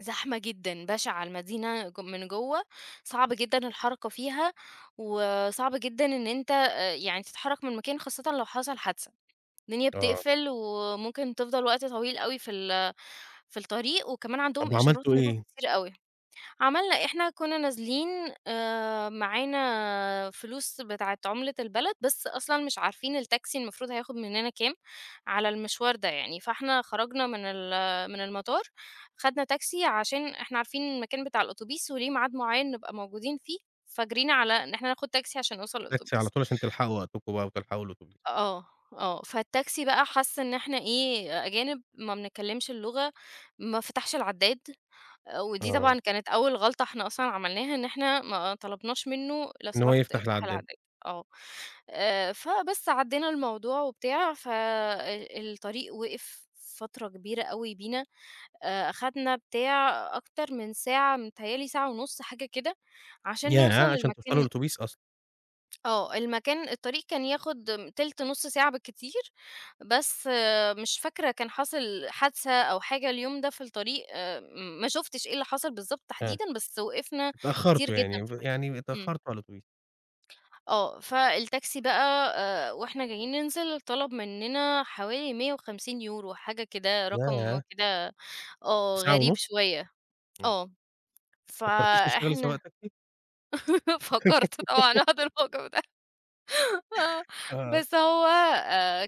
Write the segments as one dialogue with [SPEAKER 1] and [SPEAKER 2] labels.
[SPEAKER 1] زحمة جدًا، بَشِعة، المدينة ج من جوّه صعبة جدًا الحركة فيها وصعب جدًا إن أنت أ يعني تتحرّك من مكان خاصةً لو حصل حادثة، الدنيا
[SPEAKER 2] آه.
[SPEAKER 1] بتقفل وممكن تفضل وقت طويل أوي في ال في الطريق وكمان
[SPEAKER 2] طب
[SPEAKER 1] عندهم إشارات
[SPEAKER 2] وعملتوا
[SPEAKER 1] مرور
[SPEAKER 2] إيه؟
[SPEAKER 1] كتيرة أوي. عملنا إحنا كُنّا نازلين آآ معانا فلوس بتاعة عُملة البلد، بس أصلًا مش عارفين التاكسي المفروض هياخد منّنا كام، على المشوار ده يعني؟ فإحنا خرجنا من ال من المطار، خدنا تاكسي عشان إحنا عارفين المكان بتاع الأوتوبيس وليه ميعاد معيّن نبقى موجودين فيه، فجرينا على إن إحنا ناخد تاكسي عشان نوصل
[SPEAKER 2] تاكسي على
[SPEAKER 1] للأوتوبيس.
[SPEAKER 2] طول، عشان تلحقوا وقتكم بقى وتلحقوا الأتوبيس.
[SPEAKER 1] أ آه، آه. فالتاكسي بقى حَس إن إحنا إيه، أجانب، ما بنتكلّمش اللغة، ما فَتَحش العدّاد. أ ودي
[SPEAKER 2] آه.
[SPEAKER 1] طبعًا كانت أول غلطة إحنا أصلًا عملناها إن إحنا ما طلبناش منّه لو
[SPEAKER 2] إن هو
[SPEAKER 1] سمحت
[SPEAKER 2] يفتح
[SPEAKER 1] افتح
[SPEAKER 2] العدّاد.
[SPEAKER 1] العدّاد، آه. آآ، فبس عدّينا الموضوع وبتاع ف أ الطريق وقف فترة كبيرة أوي بينا، أ أخدنا بتاع أكتر من ساعة، متهيّأ لي ساعة ونُص حاجة كده عشان نوصل
[SPEAKER 2] ياه! عشان توصلوا
[SPEAKER 1] للمكان
[SPEAKER 2] للأوتوبيس أصلًا.
[SPEAKER 1] آه. المكان الطريق كان ياخد تِلت، نُص ساعة بالكتير، بس مش فاكرة كان حصل حادثة أو حاجة اليوم ده في الطريق آآ ام ما شُفتش إيه اللي حصل بالضبط
[SPEAKER 2] آه.
[SPEAKER 1] تحديدًا، بس وقفنا كتير
[SPEAKER 2] اتأخّرتوا
[SPEAKER 1] جدًا
[SPEAKER 2] يعني
[SPEAKER 1] في
[SPEAKER 2] ف
[SPEAKER 1] الطريق.
[SPEAKER 2] يعني
[SPEAKER 1] إمم.
[SPEAKER 2] اتأخّرتوا على الأتوبيس.
[SPEAKER 1] آه، فالتاكسي بقى آآ وإحنا جايين ننزل، طلب منّنا حوالي 150€، حاجة كده، رقم
[SPEAKER 2] ياه!
[SPEAKER 1] كده آه،
[SPEAKER 2] ساعة
[SPEAKER 1] غريب
[SPEAKER 2] ونُص!
[SPEAKER 1] شوية.
[SPEAKER 2] إمم.
[SPEAKER 1] آه،
[SPEAKER 2] ما فكّرتيش تشتغلي سواق
[SPEAKER 1] فإحنا
[SPEAKER 2] تاكسي؟
[SPEAKER 1] فكّرت طبعًا [unintelligible] الموضوع ده آه.
[SPEAKER 2] آه.
[SPEAKER 1] بس هو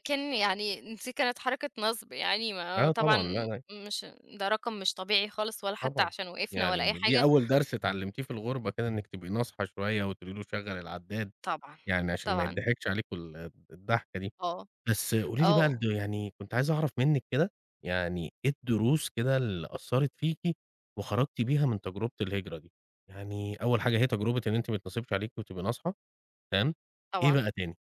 [SPEAKER 1] كان يعني نسي كانت حركة نَصْب يعني، ما
[SPEAKER 2] آه
[SPEAKER 1] طبعًا
[SPEAKER 2] طبعًا [unintelligible]
[SPEAKER 1] مش ده رقم مش طبيعي خالص ولا حتّى
[SPEAKER 2] طبعًا.
[SPEAKER 1] عشان وقفنا ولا أي
[SPEAKER 2] يعني دي
[SPEAKER 1] حاجة.
[SPEAKER 2] أول درس اتعلّمتيه في الغربة كده، إنِّك تبقي ناصحة شوية وتقولي له شَغّل العداد
[SPEAKER 1] طبعًا،
[SPEAKER 2] يعني عشان ما
[SPEAKER 1] طبعًا.
[SPEAKER 2] يتضحكش عليكم ال الضحكة دي.
[SPEAKER 1] آه،
[SPEAKER 2] بس قولي لي
[SPEAKER 1] آه.
[SPEAKER 2] برضه يعني كنت عايز أعرف منِّك كده يعني إيه الدروس كده اللي أثّرت فيكِ وخرجتي بيها من تجربة الهجرة دي؟ يعني أول حاجة هي تجربة إن أنتِ ميتنصبش عليكِ وتبقي ناصحة، تمام؟ إيه
[SPEAKER 1] طبعًا.
[SPEAKER 2] بقى تاني؟